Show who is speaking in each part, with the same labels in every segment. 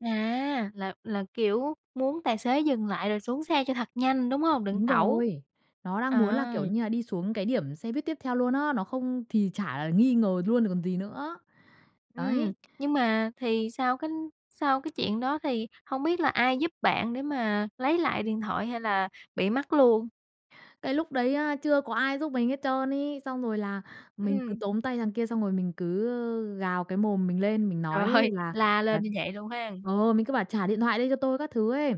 Speaker 1: À, là là, kiểu, muốn tài xế dừng lại rồi xuống xe cho thật nhanh, đúng hông? Định
Speaker 2: Đúng
Speaker 1: tẩu.
Speaker 2: rồi, nó đang muốn là,
Speaker 1: À.
Speaker 2: kiểu như là, đi xuống cái điểm xe buýt tiếp theo luôn á, nó không thì chả là nghi ngờ luôn rồi còn gì nữa,
Speaker 1: Ừm,
Speaker 2: đấy.
Speaker 1: nhưng mà thì sau cái sau cái chuyện đó, thì hông biết là ai giúp bạn để mà lấy lại điện thoại hay là bị mất luôn?
Speaker 2: Cái lúc đấy á, chưa có ai giúp mình hết trơn ấy. Xong rồi là mình cứ
Speaker 1: Ừm.
Speaker 2: tóm tay thằng kia, xong rồi mình cứ, ơ, gào cái mồm mình lên, mình
Speaker 1: Trời
Speaker 2: nói
Speaker 1: ơi,
Speaker 2: là
Speaker 1: la lên
Speaker 2: là
Speaker 1: như vậy luôn hen.
Speaker 2: ờ, mình cứ bảo "trả điện thoại đây cho tôi" các thứ ấy.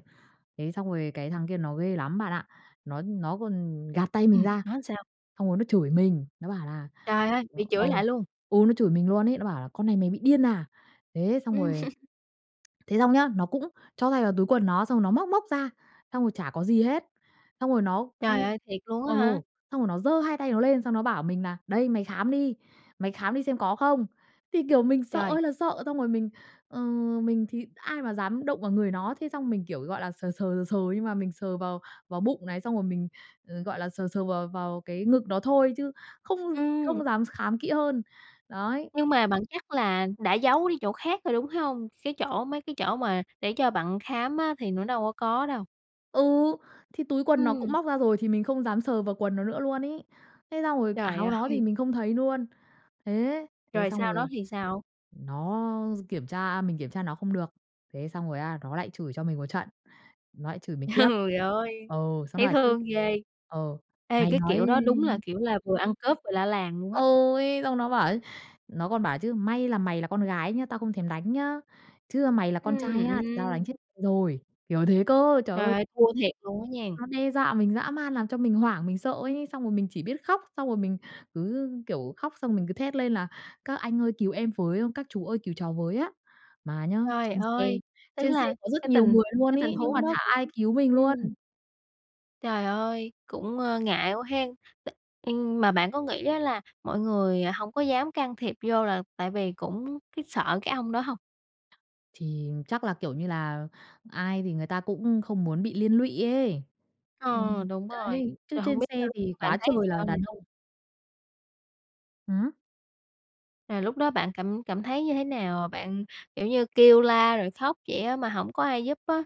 Speaker 2: Thế xong rồi cái thằng kia nó ghê lắm bạn ạ. Nó nó còn gạt tay mình
Speaker 1: Ừm,
Speaker 2: ra,
Speaker 1: nói sao?
Speaker 2: xong rồi nó chửi mình, nó bảo là
Speaker 1: Trời ơi,
Speaker 2: ừ,
Speaker 1: bị
Speaker 2: ừ,
Speaker 1: chửi lại luôn?
Speaker 2: ừ, nó chửi mình luôn ấy, nó bảo là "Con này mày bị điên à?" Thế xong
Speaker 1: Ừm.
Speaker 2: rồi thế xong nhá, nó cũng cho tay vào túi quần nó xong nó móc móc ra, xong rồi chả có gì hết. Xong rồi nó,
Speaker 1: Trời
Speaker 2: ưm
Speaker 1: ơi, thiệt luôn á
Speaker 2: ừ,
Speaker 1: hả?
Speaker 2: xong rồi nó giơ hai tay nó lên, xong nó bảo mình nà "Đây, mày khám đi, mày khám đi xem có không." Thì, kiểu, mình sợ
Speaker 1: Trời.
Speaker 2: ơi là sợ, xong rồi mình, ờ, mình thì ai mà dám động vào người nó, thế xong mình kiểu, gọi là, sờ sờ, sờ sờ nhưng mà mình sờ vào vào bụng này, xong rồi mình, ờ, gọi là, sờ sờ vào vào cái ngực nó thôi, chứ không
Speaker 1: Ừm.
Speaker 2: không dám khám kỹ hơn, đấy.
Speaker 1: Nhưng mà bạn chắc là đã giấu đi chỗ khác rồi, đúng hông? Cái chỗ mấy cái chỗ mà để cho bạn khám á, thì nó đâu có có đâu.
Speaker 2: Ừ, thì túi quần nó cũng
Speaker 1: Ừm.
Speaker 2: móc ra rồi, thì mình không dám sờ vào quần nó nữa luôn ấy. Thế xong rồi
Speaker 1: Trời
Speaker 2: áo nó thì
Speaker 1: ơi.
Speaker 2: mình không thấy luôn. Thế, thế
Speaker 1: Rồi sau
Speaker 2: xong
Speaker 1: đó
Speaker 2: rồi
Speaker 1: thì sao?
Speaker 2: nó kiểm tra mình kiểm tra nó không được, thế xong rồi á, nó lại chửi cho mình một trận, nó lại chửi mình tiếp.
Speaker 1: Trời ơi,
Speaker 2: Ừ, xong nó
Speaker 1: thấy
Speaker 2: bảo chứ,
Speaker 1: thương ghê.
Speaker 2: ừ,
Speaker 1: Ê,
Speaker 2: "Mày
Speaker 1: cái
Speaker 2: nói"
Speaker 1: kiểu đó đúng là kiểu là vừa ăn cướp vừa la làng luôn á.
Speaker 2: Ôi, xong nó bảo ấy, nó còn bảo chứ: "May là mày là con gái nhá, tao không thèm đánh nhá. Chứ, a, mày là con
Speaker 1: Ừm,
Speaker 2: trai á, thì tao đánh
Speaker 1: ưm.
Speaker 2: chết rồi." Kiểu thế cơ, trời
Speaker 1: Trời
Speaker 2: ơi.
Speaker 1: ơi, thua thiệt luôn á nha.
Speaker 2: Nó đe dọa mình dã man làm cho mình hoảng, mình sợ ấy, xong rồi mình chỉ biết khóc. Xong rồi mình cứ, kiểu, khóc, xong rồi mình cứ thét lên là "Các anh ơi cứu em với, các chú ơi cứu cháu với á." Mà nhá,
Speaker 1: Trời
Speaker 2: trên xe
Speaker 1: ơi, tức
Speaker 2: trên xe
Speaker 1: là
Speaker 2: có rất
Speaker 1: cái
Speaker 2: nhiều
Speaker 1: tình
Speaker 2: người luôn
Speaker 1: cái tình
Speaker 2: ấy, nhưng mà
Speaker 1: huống đó
Speaker 2: chả
Speaker 1: cũng
Speaker 2: ai cứu mình luôn.
Speaker 1: ừm. Trời ơi, cũng, ơ, ngại quá hén. T ưm, mà bạn có nghĩ á, là mọi người hông có dám can thiệp vô là tại vì cũng cái sợ cái ông đó hông?
Speaker 2: Thì chắc là, kiểu như là, ai thì người ta cũng không muốn bị liên lụy ấy.
Speaker 1: Ờ,
Speaker 2: Ừm,
Speaker 1: đúng rồi,
Speaker 2: đấy, chứ
Speaker 1: rồi hông
Speaker 2: trên
Speaker 1: biết là
Speaker 2: xe
Speaker 1: lúc đó
Speaker 2: thì
Speaker 1: bạn
Speaker 2: quá
Speaker 1: thấy
Speaker 2: trời là
Speaker 1: sao nè?
Speaker 2: đàn ông. Hửm?
Speaker 1: À, lúc đó bạn cảm cảm thấy như thế nào? Ờ, bạn, kiểu như, kêu la rồi khóc vậy á, mà hổng có ai giúp á.